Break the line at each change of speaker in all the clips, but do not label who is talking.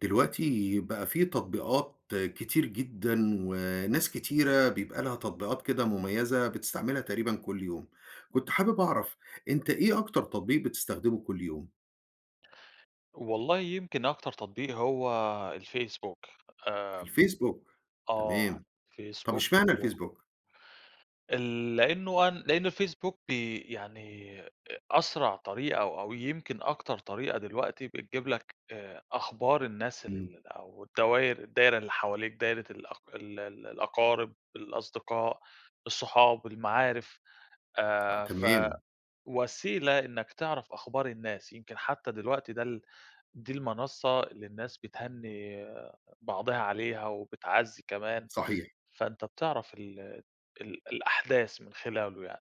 دلوقتي بقى في تطبيقات كتير جدًا، وناس كتيرة بيبقى لها تطبيقات كده مميزة، بتستعملها تقريبًا كل يوم. كنت حابب أعرف، أنت إيه أكتر تطبيق بتستخدمه كل يوم؟
والله يمكن أكتر تطبيق هو الفيسبوك. آمم
الفيسبوك؟
آه
تمام. طب
الفيسبوك
إشمعنى
و
الفيسبوك؟
ال لأنه أن لأنه الفيسبوك بي يعني أ أسرع طريقة أو أو يمكن أكتر طريقة دلوقتي بتجيب لك آآ أخبار الناس
إمم.
ال أو الدواير الدايرة اللي حواليك دايرة الأق ال ال الأقارب، الأصدقاء، الصُحاب، المعارف،
آه،
آآ، ف
تمام.
وسيلة إنّك تعرف أخبار الناس، يمكن حتى دلوقتي ده ال دي المنصة اللي الناس بتهنّي بعضها عليها وبتعزّي كمان،
صحيح.
فأنت بتعرف ال ال الأحداث من خلاله يعني.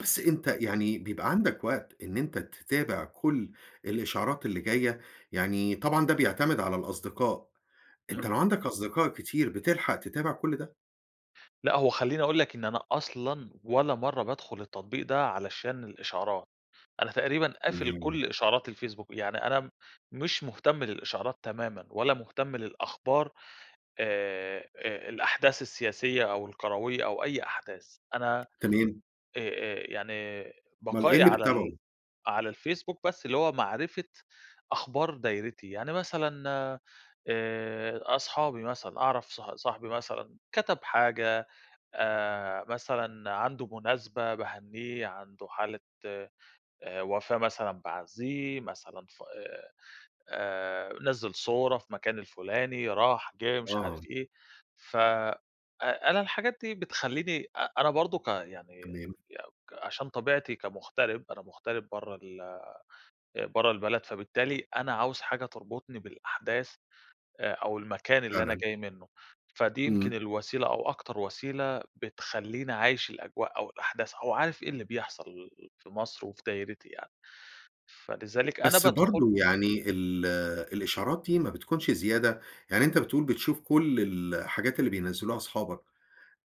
بس أنت
أبت
يعني بيبقى عندك وقت إن أنت تتابع كل الإشعارات اللي جاية؟ يعني طبعًا ده بيعتمد على
امم.
الأصدقاء، أنت لو
إمم.
عندك أصدقاء كتير، بتلحق تتابع كل ده؟
لأ، هو خليني أقول لك إن أنا أصلًا ولا مرّة بادخل التطبيق ده علشان الإشعارات، أنا تقريبًا قافل
تمام.
كل إشعارات الفيسبوك، يعني أنا م مش مهتم للإشعارات تمامًا، ولا مهتم للأخبار آآ، آآ الأحداث السياسية أو الكروية، أو أي أحداث أنا آآ،
تمام.
آآ، يعني
اُمّال إيه
بقائي
اللي
على ال
بتتابعه؟
على الفيسبوك بس اللي هو معرفة أخبار دايرتي. يعني مثلًا آآ، أصحابي مثلًا، أعرف ص صاحبي مثلًا كَتَب حاجة، آآ، مثلًا عندُه مناسبة باهنّيه، عنده حالة آآ، وفاة مثلًا باعزّيه، مثلًا ف آآ، نزَّل صورة في مكان الفلاني، راح، جِه، مش عارف
آه.
إيه ف آآ، أ أنا الحاجات دي بتخليني أ أنا برضه ك يعني
تمام.
[unintelligible] عشان طبيعتي كمغترب، أنا مغترب برّه ال آآ، برّه البلد فبالتالي أنا عاوز حاجة تربطني بالأحداث آآ، أو المكان اللي أنا
فعلًا.
جاي منه، فدي يمكن
إمم.
الوسيلة أو أكتر وسيلة بتخليني عايش الأجواء أو الأحداث أو عارف إيه اللي بيحصل في مصر، وفي دايرتي يعني، فلذلك أنا
بس
بادخل
برضه يعني ال الإشعارات دي ما بتكونش زيادة؟ يعني أنت بتقول بتشوف كل ال الحاجات اللي بينزّلوها أصحابك،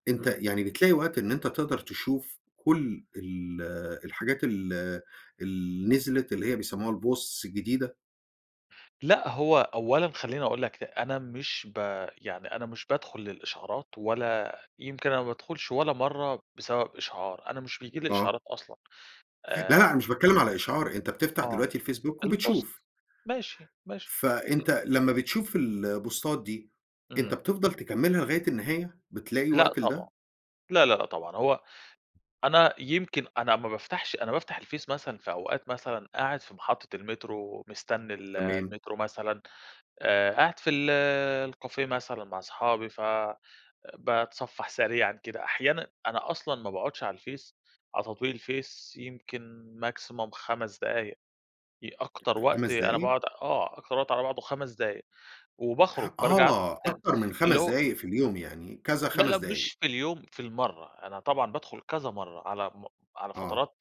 أنت
إمم.
يعني بتلاقي وقت إن أنت تقدر تشوف كل ال الحاجات ال اللي نزلت، اللي هي بيسموها الposts الجديدة؟
لأ، هو أولًا، خلّيني أقول لَك ل أنا مش ب يعني أنا مش بادخل للإشعارات ولا يمكن أنا ما بادخُلش ولا مرّة بسبب إشعار أنا مش بييجي لي
آه.
إشعارات أصلًا
لا، لأ
آآ
أنا مش باتكلم على إشعار، أنت بتفتح
آه،
دلوقتي الfacebook
البوست
وبتشوف.
ماشي، ماشي
فأنت لمّا بتشوف البوستات دي، أنت
إمم.
بتفضل تكملّها لغاية النهاية. بتلاقي
لأ،
وقت
طبعًا
لِدَه؟
لا، لا، لأ طبعًا هو أنا يمكن أنا ما بافتحش، أنا بافتح الFace مثلًا في أوقات مثلًا، قاعد في محطة المترو، مِستَني ال
تمام.
المترو مثلًا آآ قاعد في ال الكافيه مثلًا، مع أصحابي فباتصفّح سريعًا كده أحيانًا أنا أصلًا ما باقعدّش على الFace على تطبيق الFace يمكن maximum 5 دقايق أكتر وقت
5
أنا
دقايق؟
باقعد آه، أكتر وقت على بعضه 5 دقايق وباخرج، بارجع
آه،
ادخل تاني
أكتر من
اللي
5
هو
دقايق في اليوم يعني، كذا
لا، لا
5 دقايق.
مش في اليوم، في المرّة أنا طبعًا بادخل كذا مرّة على م على
آه.
فترات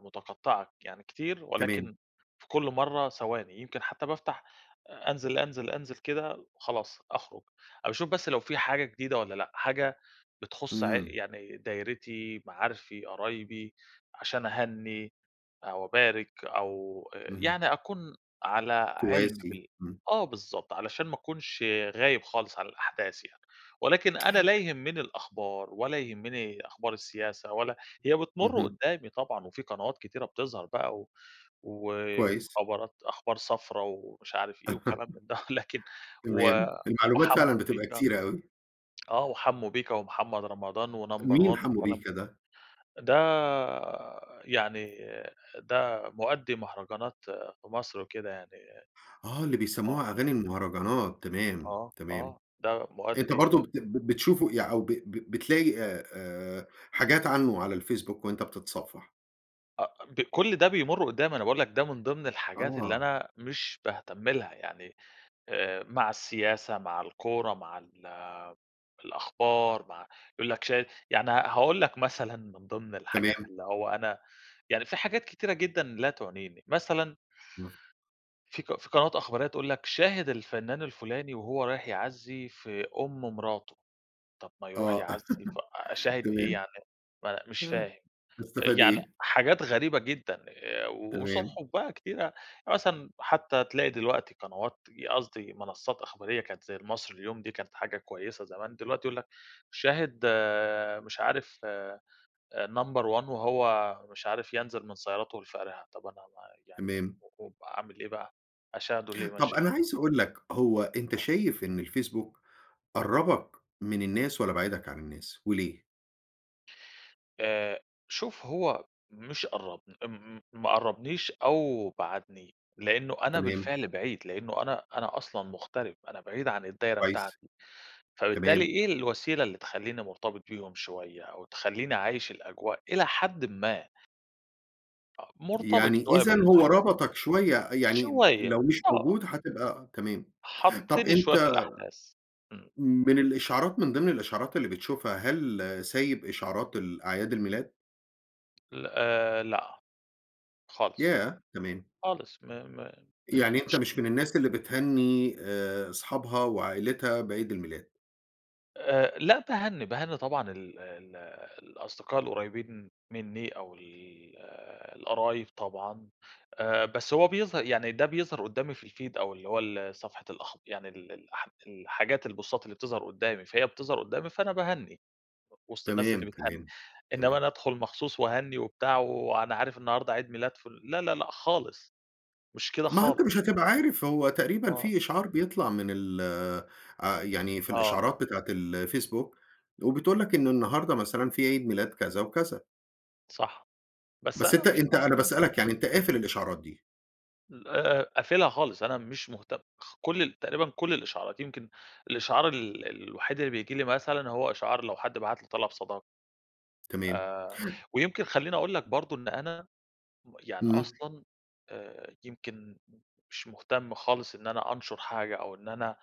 متقطعة يعني كتير
تمام.
ولكن في كل مرّة ثواني. يمكن حتى بافتح أنزل، أنزل، أنزل كده وخلاص. أخرج أ باشوف بس لو في حاجة جديدة والّا لأ، حاجة بتخص ع
إمم.
يعني دايرتي، معارفي، قرايبي، عشان أهني أو أبارك أو
اهم.
يعني أكون على علم
تواسي،
بال
إمم.
آه بالضبط علشان ما أكونش غايب خالص على الأحداث يعني. ولكن أنا لا يهمني الأخبار ولا يهمني أخبار السياسة ولا هي بتمرّ
اهم.
قدّامي طبعًا وفي قنوات كتيرة بتظهر بقى و
كويسّ.
وخبرات أخبار صفرا ومش عارف إيه وكلام من ده، لكن و
تمام، المعلومات فعلًا
وحموّ
بتبقى،
بيّكَا...
كتيرة أوي.
آه وحموّ بيّكَا ومحمد رمضان و number
مين
1
حموّ
وكلام
بِيّكَا ده؟
ده يعني ده مؤدي مهرجانات في مصر وكده يعني
آه، اللي
آه.
بيسَموها أغاني المهرجانات تمام،
آه،
تمام
آه ده
أنت برضه
مؤدي
بت ب بتشوفه يع أو ب ب بتلاقي آآ آآ حاجات عنّه على الfacebook وأنت بتتصفح؟
آه، ب كل ده بيمرّ قدّامي أنا باقول لك ده من ضمن الحاجات اللي
آه.
أنا مش باهتم لها يعني، آآ، مع السياسة، مع الكورة مع ال الأخبار، مع يقول لك شايف يعني هاقول لك مثلًا، من ضمن الحاجات
تمام.
اللي هو أنا يعني في حاجات كتيرة جدًا لا تعنيني، مثلًا
همم.
في قن في قنوات إخبارية تقول لك شاهد الفنّان الفلاني، وهو رايح يعزي في أم مراتُه، طب ما يروح
آه،
يعزي ف أشاهد إيه
تمام.
يعني م مش
آه،
فاهم،
هاستفاد
يعني
إيه؟
حاجات غريبة جدًا،
تمام.
وصُحُف بقى كتيرة، مثلًا حتّى تلاقي دلوقتي قنوات قصدي منصّات إخبارية كانت زي المصري اليوم دي كانت حاجة كويّسة زمان، دلوقتي يقول لك شاهد آآ، مش عارف آآ، number one وهو مش عارف ينزل من سيارته الفارهة، طَب أنا ما يعني
تمام.
و وأعمل إيه بقى؟ أشاهدُه ليه
طَب
مشه
أنا عايز أقول لك هو أنت
آه.
شايف إن الفيسبوك قرّبك من الناس، والَّا بعّدك عن الناس؟ وليه؟
آآ، شوف هو مش قرّبني م ما قربنيش أو بعدني، لأنّه أنا
تمام.
بالفعل بعيد، لأنّه أنا أنا أصلًا مغترب، أنا بعيد عن الدايرة
كويس،
بتاعتي، فبالتالي
تمام.
إيه الوسيلة اللي تخليني مرتبط بيهم شويّة، أو تخليني عايش الأجواء إلى حدٍ ما؟ آه مرتبط
يعني
شويّة
إذًا، هو
بالأحداث.
ربطك شويّة يعني،
شوية،
لو مش
آه.
موجود هتبقى تمام. طب
حطّني شويّة في
أنت
الأحداث. امم.
من الإشعارات، من ضمن الإشعارات اللي بتشوفها، هل سايب إشعارات الأعياد الميلاد؟
ل آآ لأ. خالص،
ياه! تمام.
خالص م م
يعني أنت
مش
مش من الناس اللي بتهني آآ أصحابها وعائلتها بعيد الميلاد؟
آآ، لا، باهنّي، باهنّي، طبعًا ال ال الأصدقاء القريبين مِنّي أو ال القرايب طبعًا، آآ، بس هو بيظه يعني، ده بيظهر قدّامي في الfeed أو اللي هو ال صفحة الأخب يعني ال ال الحاجات البوستات اللي بتظهر قدّامي، فهي بتظهر قدّامي، فأنا باهنّي وسط الناس اللي
تمام،
بتهنّي،
تمام،
إنّما
تمام.
أنا أدخل مخصوص وأهنّي وبتاع، وأنا عارف النهارده عيد ميلاد، فُ لأ، لأ، لأ خالص، مش كده
ما هو أنت
خالص.
مش هتبقى عارف، هو تقريبًا
آه.
في إشعار بيطلع من ال آآ، يعني في
آه.
الإشعارات بتاعة الفيسبوك، وبتقول لك إنّه النهارده مثلًا في عيد ميلاد كذا وكذا.
صح، بس
بس
أنا
أنت
مش
أنت أنا
مهتم.
باسألك يعني، أنت قافل الإشعارات دي؟
ل آآ، قافلها خالص، أنا مش مهتم خ كل ال تقريبًا كل الإشعارات يمكن الإشعار ال الوحيد اللي بييجي لي مثلًا هو إشعار لو حد بعت لي طلب صداقة.
تمام.
آآ، ويمكن خليني أقول لك برضه إن أنا يعني
إمم.
أصلًا آآ، يمكن مش مهتم خالص إن أنا أنشر حاجة أو إن أنا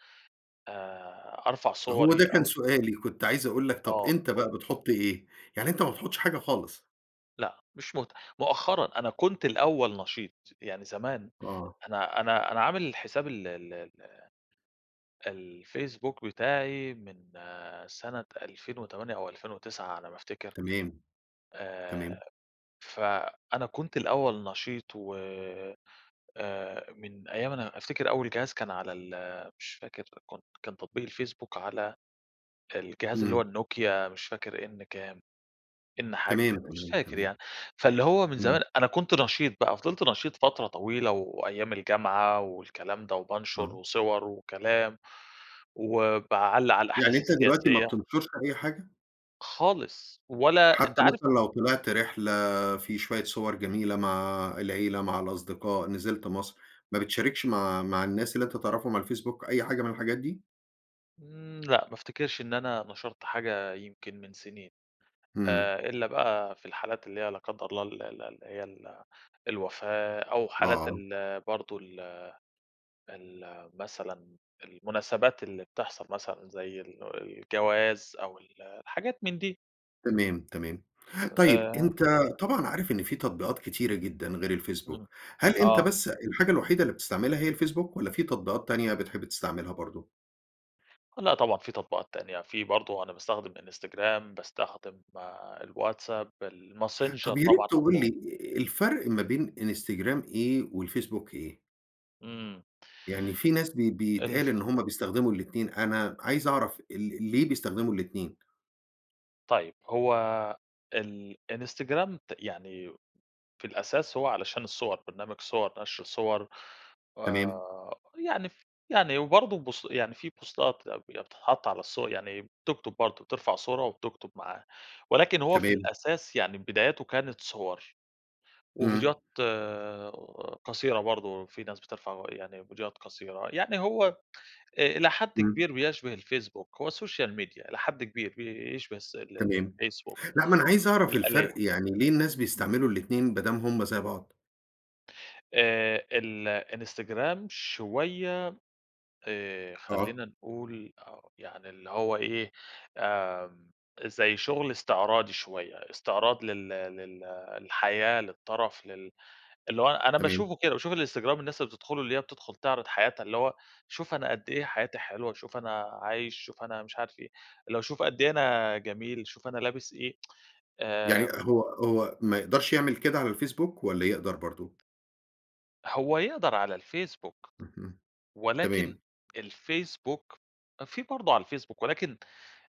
آآ، أرفع
هو
صوري
ده كان
أو
سؤالي، كنت عايز أقول لك طَب
آه
أنت
قُل
بقى
لي.
بتحُط إيه؟ يعني أنت ما بتحطش حاجة خالص؟
لأ مش مهت مؤخرًا، أنا كنت الأول نشيط يعني زمان،
آه.
أنا أنا أنا عامل حساب ال ال ال الفيسبوك بتاعي من سنة 2008 أو 2009 على ما أفتكر،
تمام، تمام.
آآ، ف أنا كنت الأول نشيط و آآ، آآ، من أيام أنا أفتكر أول جهاز كان على ال مش فاكر كنت كان تطبيق الفيسبوك على الجهاز اللي هو
إمم.
النوكيا مش فاكر N كام، N حاجة
تمام،
كده، مش
تمام،
فاكر
تمام.
يعني، فاللي هو من
إمم.
زمان أنا كنت نشيط بقى، فضلت نشيط فترة طويلة وأيام الجامعة والكلام ده، وبانشر
آه.
وصور وكلام، وباعلّق على
يعني
الأحداث
أنت دلوقتي ما
السياسية.
بتنشرش أي حاجة؟
خالص، ولا أنت
حتى
عارف
مثلًا لو طلعت رحلة في شوية صور جميلة مع العيلة، مع الأصدقاء، نزلت مصر، ما بتشاركش مع مع الناس اللي أنت تعرفهم على الفيسبوك أي حاجة من الحاجات دي؟
امم، لأ ما أفتكرش إن أنا نشرت حاجة يمكن من سنين.
امم.
آآ، إلَّا بقى في الحالات اللي هي لا قدّر الله ال ال اللي هي ال الوفاة أو حالات
آه.
ال برضه ال ال مثلًا المناسبات اللي بتحصل مثلًا زي ال الجواز أو ال الحاجات من دي.
تمام، تمام. طيب
آآ
أنت طبعًا عارف إن في تطبيقات كتيرة جدًا غير
امم،
الفيسبوك، هل أنت
آه.
بس الحاجة الوحيدة اللي بتستعملها هي الفيسبوك، والَّا في تطبيقات تانية بتحب تستعملها برضه؟
لأ طبعًا، في تطبيقات تانية في برضه أنا باستخدم إنستجرام، باستخدم الواتساب،
طَب
الماسنجر
يا ريت
طبعًا
تقول لي
قبلهم.
الفرق ما بين إنستجرام إيه والفيسبوك إيه؟
امم.
يعني في ناس ب
ال
بيتقال إن هم بيستخدموا الاتنين، أنا عايز أعرف ال ليه بيستخدموا الاتنين؟
طيب هو ال إنستجرام ت يعني في الأساس هو علشان الصور، برنامج صور، نشر صور،
تمام.
آآ، يعني ف يعني وبرضه بوس يعني في بوستات أي بي بتتحط على الصور يعني بتكتب برضه بترفع صورة وبتكتب معاها ولكن هو في
تمام.
الأساس يعني بداياته كانت صور
إمم.
وفيديوهات قصيرة برضه، في ناس بترفع يعني فيديوهات قصيرة، يعني هو آآ، إلى حد
إمم.
كبير بيشبه الفيسبوك، هو Social Media إلى حد كبير بيشبه الس ال ال
تمام،
الفيسبوك،
لأ ما أنا عايز أعرف
الآلية،
الفرق، يعني ليه الناس
امم.
بيستعملوا الاتنين بدام هم زي بعض؟
آآ الإنستجرام شوية آآ
آه.
خلينا نقول أو يعني اللي هو إيه، آمم زي شُغل استعراضي شوية، استعراض لل لل للحياة، للترف لل اللي هو أنا
تمام.
باشوفه كده، باشوف الإنستجرام الناس اللي بتدخله اللي هي بتدخل تِعرِض حياتها، اللي هو شوف أنا قد إيه حياتي حلوة، شوف أنا عايش، شوف أنا مش عارف إيه، اللي هو شوف قد إيه أنا جميل، شوف أنا لابس إيه.
يعني
آآ
هو هو ما يقدَرش يعمل كده على الفيسبوك، والّا يقدَر برضه؟
هو يقدر على الفيسبوك
اهم،
ولكن
تمام.
الفيسبوك في برضه على الفيسبوك، ولكن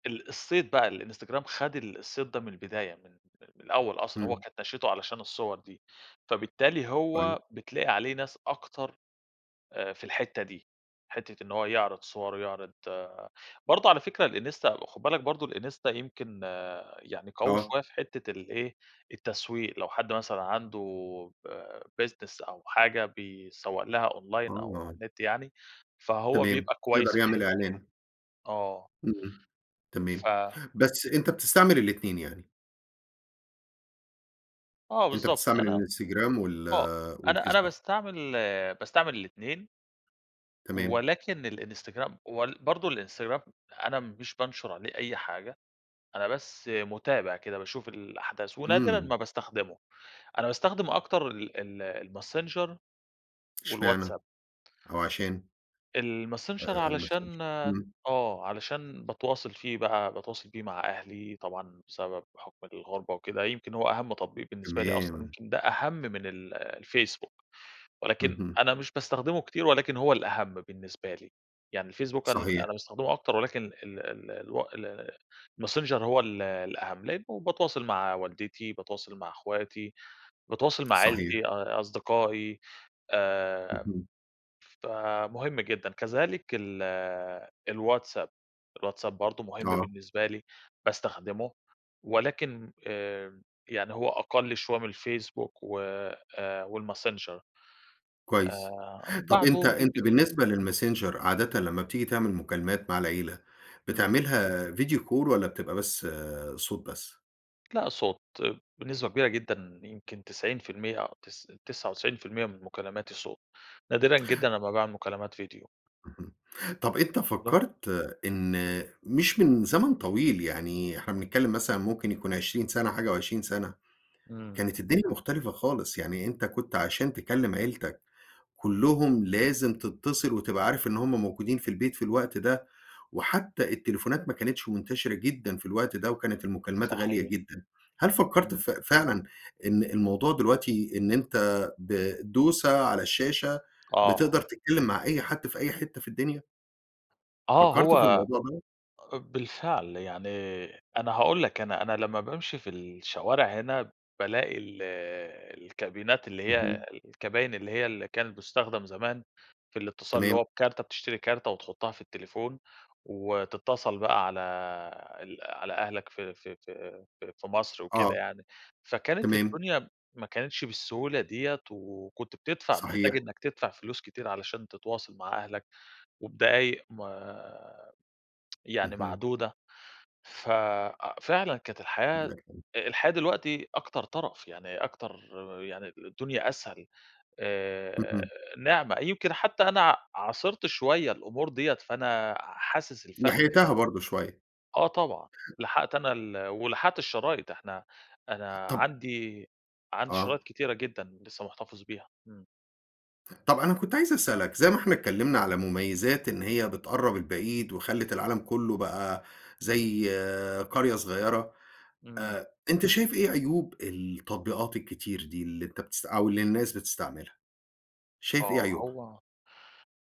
ال الصيت بقى، الإنستجرام خد ال الصيت ده من البداية من من الأول أصلًا هو
إمم.
كانت نشأته علشان الصور دي، فبالتالي
طيب.
هو بتلاقي عليه ناس أكتر آآ في الحِتّة دي، حِتّة إن هو يعرِض صوره ويعرِض برضه على فكرة الإنستا خُد بالك برضه الإنستا يمكن يعني قوي
آه.
شوية في حِتّة الإيه، التسويق، لو حد مثلًا عنده ب business أو حاجة بيسَوّق لها أونلاين، أو على
آه.
النت يعني. فهو
تمام.
بيبقى كويس
يقدَر
في
يعمل
الحِتّة دي برضه
إعلان.
آه.
إمم، تمام.
ف
بس أنت بتستعمل الاتنين يعني؟
آه
أنت
بالضبط،
بتستعمل
أنا
الإنستجرام وال
آه، أنا أنا
والفيسبوك.
باستعمل باستعمل الاتنين.
تمام.
ولكن الإنستجرام وال برضه الإنستجرام أنا مش بانشر عليه أي حاجة، أنا بس مُتابع كده باشوف الأحداث ونادرًا
إمم.
ما باستخدمُه، أنا باستخدم أكتر ال ال الماسنجر
إشمعنى؟
والواتساب.
أو عشان؟ آآ،
الماسنجر
الماسنجر
علشان
همم.
آه، علشان باتواصل فيه بقى، باتواصل فيه مع أهلي طبعًا بسبب بحُكم الغربة وكده، يمكن هو أهَم تطبيق بالنسبة لي أصلًا،
تمام.
يمكن ده أهَم من ال الفيسبوك، ولكن
اهم.
أنا مش باستخدمه كتير ولكن هو الأهَم بالنسبة لي، يعني الفيسبوك أنا
صحيح.
أنا باستخدمه أكتر ولكن ال ال الو ال الماسنجر هو ال الأهَم، لأنه باتواصل مع والدتي، باتواصل مع اخواتي، باتواصل مع
صحيح.
عيلتي، أ أصدقائي، آآ،
اهم.
فمهم جدًا. كذلك ال الواتساب، الواتساب برضه مهم
آه.
بالنسبة لي، باستخدمُه ولكن إمم، يعني هو أقَلّ شوية من الفيسبوك و آآ، والماسنجر،
كويس،
آآ،
طَب أنت
بَعدهم
أنت
Linkedin.
بالنسبة للماسنجر، عادةً لمّا بتيجي تعمل مكالمات مع العيلة،
إمم.
بتعملها Video Call والَّا بتبقى بس صوت بس؟
لأ صوت بنسبة كبيرة جدًا يمكن 90% أو تس تسعة وتسعين في المِيّة من مكالماتي صوت، نادرًا جدًا أمّا باعمل مكالمات فيديو.
اهم، طب أنت
[unintelligible]
فكرت إن مش من زمن طويل يعني، إحنا بنتكلم مثلًا ممكن يكون 20 سنة، حاجة و20 سنة،
إمم.
كانت الدنيا مختلفة خالص يعني، أنت كنت عشان تكلم عيلتك كلهم، لازم تتصل، وتبقى عارف إن هم موجودين في البيت في الوقت ده، وحتى التليفونات ما كانتش منتشرة جدًا في الوقت ده، وكانت المكالمات غالية
صحيح.
جدًا. هل فكرت
إمم.
ف فعلًا إن الموضوع دلوقتي، إن أنت بدوسة على الشاشة،
آه.
بتقدر تتكلم مع أي حد في أي حتة في الدنيا؟
آه
فكرت في
هو
الموضوع دوّة؟
بالفعل يعني، أنا هاقول لك، أنا أنا لما بامشي في الشوارع هنا، بالاقي ال الكابينات، اللي هي
اهم.
الكباين، اللي هي اللي كانت بتستخدم زمان في الاتصال، اللي
تمام.
هو بكارت، بتشتري كارت وتحطها في التليفون، وتتصل بقى على ال على أهلك في في في في مصر وكده
آه،
يعني، فكانت
تمام.
الدنيا ما كانتش بالسهولة ديّة، وكنت بتدفع، محتاج
صحيح.
إنك تدفع فلوس كتير، علشان تتواصل مع أهلك، وبدقايق ما يعني
اهم.
معدودة، ف فعلًا كانت الحياة،
[unintelligible]
الحياة دلوقتي أكتر ترف يعني، أكتر يعني، الدنيا أسهل، آآ،
اهم.
نعمة، يمكن حتى أنا عاصرت شوية الأمور ديّة، فأنا حاسس الفرق يعني
لحقتها برضه شوية.
أ آه طبعًا، لحقت أنا ال ولحقت الشرايط، إحنا، أنا
طب
عندي عندي
آه.
شرايط كتيرة جدًا، لسه محتفظ بيها. إمم.
طَب أنا كنت عايز أسألك، زي ما إحنا اتكلمنا على مميزات إن هي بتقرّب البعيد، وخلّت العالم كُلّه بقى زي قرية صغيرة،
إمم.
آآ، أنت شايف إيه عيوب التطبيقات الكتير دي؟ اللي أنت بتست أو اللي الناس بتستعملها؟ شايف إيه
آه،
عيوبها؟
هو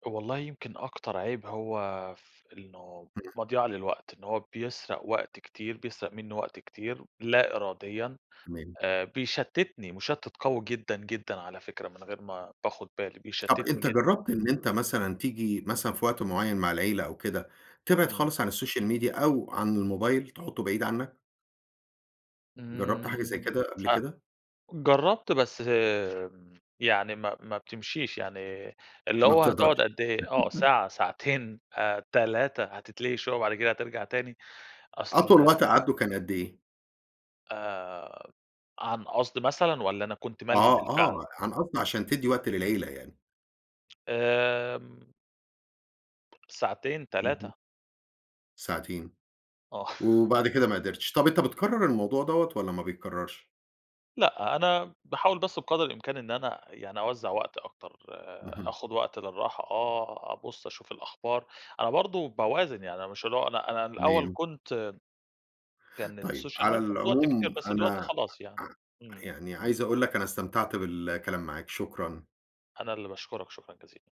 والله يمكن أكتر عيب هو في إنه
همم.
مضيَعة للوقت، إن هو بيسرق وقت كتير، بيسرق منّى وقت كتير لا إراديًا،
تمام.
آآ، بيشتّتني، مُشتت قوي جدًا، جدًا على فكرة من غير ما باخد بالي،
طَب
بيشتّتني
أنت
جدًا.
جرّبت إن أنت مثلًا تيجي مثلًا في وقت معيّن مع العيلة أو كده، تبعد
إمم.
خالص عن الSocial Media أو عن الموبايل، تحطّه بعيد عنك؟ جرّبت حاجة زي
آمم،
كده قبل
أ
كده؟
جرّبت بس يعني ما ما بتمشيش يعني، اللي
ما
هو هتقعد
بتقدرش.
قد إيه؟ آه ساعة ساعتين، 3، هتتلهي شوية، وبعد كده هترجع تاني،
أطول
أصل
وقت قعدته كان قد إيه؟
آآ، عن قصد مثلًا والَّا أنا كنت مَلهي
آه،
بالفعل؟
آه، أنا قصدي عشان تدّي وقت للعيلة يعني.
آمم ساعتين،
اهم.
3.
ساعتين،
آه.
وبعد كده ما قدرتش. طب أنت بتكرّر الموضوع دوَّة والَّا ما بيتكرّرش؟
لأ، أنا باحاول بس بقدر الإمكان إن أنا يعني أوزّع وقتي أكتر،
اهم.
آخد وقت للراحة، آه، أبُصّ أشوف الأخبار، أنا برضه باوازن يعني مش اللى هو أنا أنا الأول
تمام.
كنت كانت
طيب
الSocial Media
على
بتاخد وقت كتير
العموم
بس دلوقتي
أنا
خلاص يعني،
أ أ
إمم.
يعني عايز أقول لك أنا استمتعت بالكلام معاك، شكرًا.
أنا اللي باشكرك شكرًا جزيلًا.